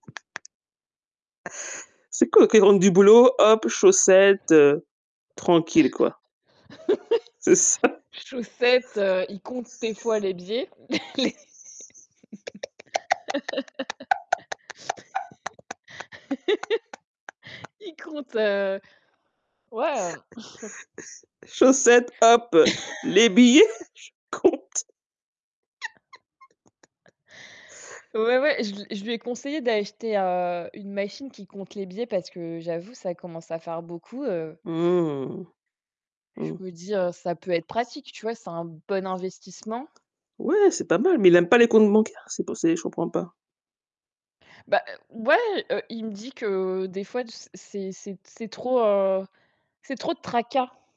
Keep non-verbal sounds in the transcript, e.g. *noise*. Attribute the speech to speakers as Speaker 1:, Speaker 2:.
Speaker 1: C'est cool quand il rentre du boulot, hop, chaussettes, heu, tranquille, quoi. C'est ça.
Speaker 2: *laughs* Chaussettes, heu, il compte des fois les billets. *chuckles* Les *laughs*
Speaker 1: *laughs*
Speaker 2: il compte, heu, ouais, hem *chuckles*
Speaker 1: *chuckles* Chaussettes, hop, les billets,
Speaker 2: *laughs*
Speaker 1: je compte. *laughs*
Speaker 2: *chuckles* Ouais ouais, je l je lui ai conseillé d'acheter, heu, une machine qui compte les billets, parce que j'avoue, ça commence à faire beaucoup, heu
Speaker 1: Mmh.
Speaker 2: je
Speaker 1: Mmh.
Speaker 2: me dis, heu, ça peut être pratique, tu vois? C'est un bon investissement.
Speaker 1: Ouais, c'est pas mal, mais il aime pas les comptes bancaires? C'est pour c'est je comprends pas.
Speaker 2: Bah, heu, ouais, heu, il me dit que des fois, du s c'est c'est t c'est trop, heu, c'est trop de tracas.